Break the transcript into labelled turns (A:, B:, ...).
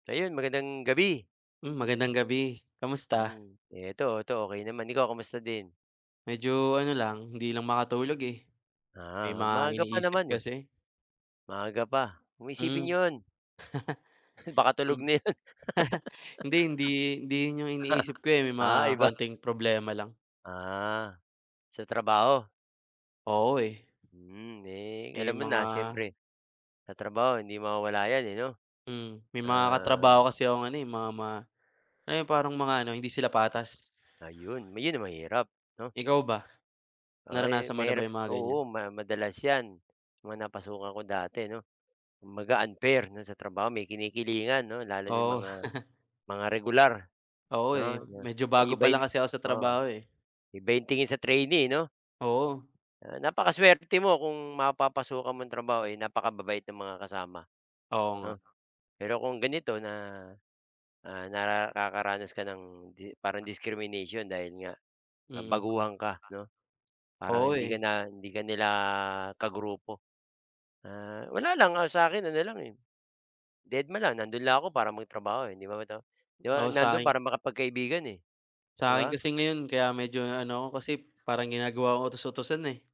A: Ayun, magandang gabi.
B: Mm, magandang gabi, kamusta?
A: Hmm, ito, ito, okey naman, ikaw kumusta din?
B: Medyo ano lang, hindi lang makatulog, eh. May
A: Ah,
B: mga
A: maaga pa
B: iniisip
A: naman. eh.
B: kasi.
A: Maaga pa. 'Wag mong
B: Hmm.
A: isipin yun. Baka tulog
B: Mm,
A: na 'yun.
B: hindi, hindi hindi yung iniisip ko, eh, may
A: Ah,
B: mga
A: iba.
B: kaunting problema lang.
A: Ah, sa trabaho?
B: Oo, eh.
A: Hmm, eh,
B: May
A: alam mo na
B: mga
A: siyempre. Sa trabaho hindi mawawala 'yan, eh, no?
B: Mm. May mga
A: Ah
B: katrabaho kasi akong ano, eh, mga ma ayung parang mga ano, hindi sila patas?
A: Ayun, m yun ang mahirap, 'no?
B: Ikaw ba?
A: Ay
B: Naranasan mo na ba
A: mahirap
B: yung mga ganiyan?
A: oo, ma madalas 'yan, mga napasukan ko dati 'no. Kumbaga, unfair sa trabaho may kinikilingan 'no, lalo na yung
B: Oo.
A: mga, mga regular,
B: Oo, eh.
A: 'no?
B: Medyo bago pa lang
A: Iibahin
B: kasi ako sa
A: oo,
B: trabaho, eh.
A: iba yung tingin sa trainee, eh, no?
B: Oo.
A: Ah, napakaswerte mo kung mapapasukan mong trabaho ay napakababait ng mga kasama
B: Oo nga.
A: 'no? Pero kung ganito na' ah, nara kakaranas ka ng 'di para ng discrimination dahil nga, ah,
B: Mm.
A: baguhan ka, 'no? Parang,
B: Oo,
A: hindi ka
B: eh.
A: na hindi ka nila ka grupo. Ah, wala lang, ang sa akin ano lang, eh, deadma lang, nando'n lang ako para magtrabaho, eh, 'di ba ito? 'Di
B: Oo,
A: man nandoon
B: sa'kin
A: para makapagkaibigan, eh, 'di
B: Sa'kin
A: ba?
B: kasi ngayon, kaya medyo na ano ako, kasi parang ginagawa kong utus-utusan, eh.